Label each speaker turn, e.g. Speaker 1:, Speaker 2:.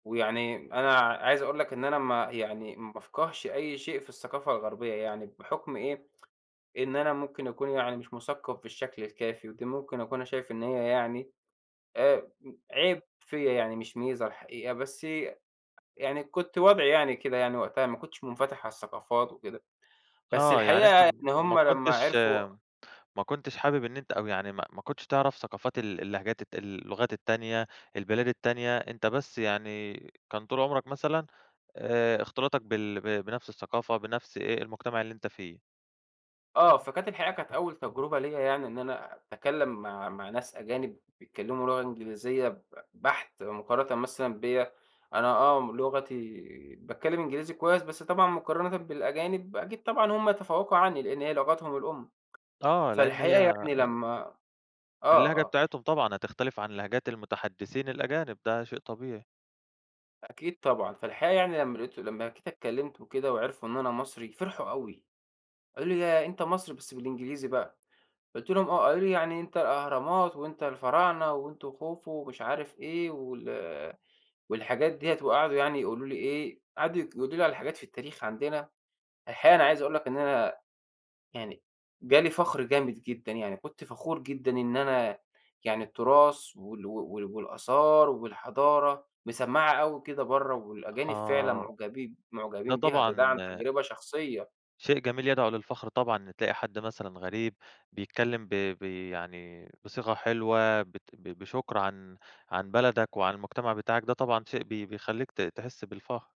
Speaker 1: ويعني أنا ع عايز أقول لك إن أنا ما يعني ما بافقهش أي شيء في الثقافة الغربية يعني بحُكَم إيه؟ إن أنا ممكن أكون يعني مش مُثَقَّف بالشكل الكافي، ودي ممكن أكون أنا شايف إن هي يعني آآ امم عيب فيَّ يعني مش ميزة الحقيقة، بس ي أ يعني كُنت وضعي يعني كده يعني وقتها، ما كُنتش مُنفَتَح على الثقافات وكده. بس
Speaker 2: آه، يعني أنت
Speaker 1: الحقيقة إن
Speaker 2: م ما
Speaker 1: هُم لمّا
Speaker 2: كُنتش
Speaker 1: عَرَفوا
Speaker 2: ما كُنتش حابب إن أنت أو يعني م ما كُنتش تعرَف ثقافات ال اللهجات الت اللغات التانية، البلاد التانية، أنت بس يعني كان طول عمرك مثلًا آآ، اختلاطك بال ب بنَفس الثقافة بنَفس إيه، المجتمع اللي أنت فيه.
Speaker 1: آه، فكانت الحقيقة كانت أول تَجرُبة ليّا يعني إن أنا أتكلم مع مع ناس أجانب بيتكلموا لُغة إنجليزية ب بحت مقارنة مثلًا بيّا. أنا آه لُغتي باتكلم إنجليزي كويس، بس طبعًا مُقارَنةً بالأجانب أكيد طبعًا هُم يَتَفَوَّقوا عني لإن هي لُغتهُم الأم.
Speaker 2: آه، لأن هي
Speaker 1: فالحقيقة يعني
Speaker 2: ال
Speaker 1: لمّا آه
Speaker 2: اللهجة
Speaker 1: آه.
Speaker 2: بتاعتهُم طبعًا هتختَلف عن اللهجات المتحدثين الأجانب، ده شيء طبيعي.
Speaker 1: أكيد طبعًا. فالحقيقة يعني لمّا لقَيتُه لمّا جيت اتكلمت وكده وعرفوا إن أنا مصري، فرحوا أوي. قالوا لي: "ياه! أنت مصري؟" بس بالإنجليزي بقى قُلت لهُم: "آه." قالوا لي: "يعني أنت الأهرامات، وأنت الفراعنة، وأنتم خوفو" ومش عارف إيه وال والحاجات ديّة، وقعدوا يعني يقولوا لي إيه، قعدوا [unintelligible] يقولوا لي على حاجات في التاريخ عندنا. الحقيقة أنا عايز أقول لك إن أنا يعني جالي فخر جامد جدًا يعني. كنت فخور جدًا إن أنا يعني التراث وال وال والآثار والحضارة مَسَمَّعة أوي كده برّا، والأجانب فعلًا
Speaker 2: آه،
Speaker 1: معجبين،
Speaker 2: ده
Speaker 1: معجبين بيها، ده ده
Speaker 2: طبعًا
Speaker 1: عن تَجرُبة شخصية.
Speaker 2: شيء جميل يدعو للفخر طبعًا إن تلاقي حد مثلًا غريب بيتكلم ب بي يعني بصيغة حلوة بت بشُكَر عن، عن بلدك وعن المجتمع بتاعك ده طبعًا شيء بي بَيخَلّيك ت تحس بالفخر.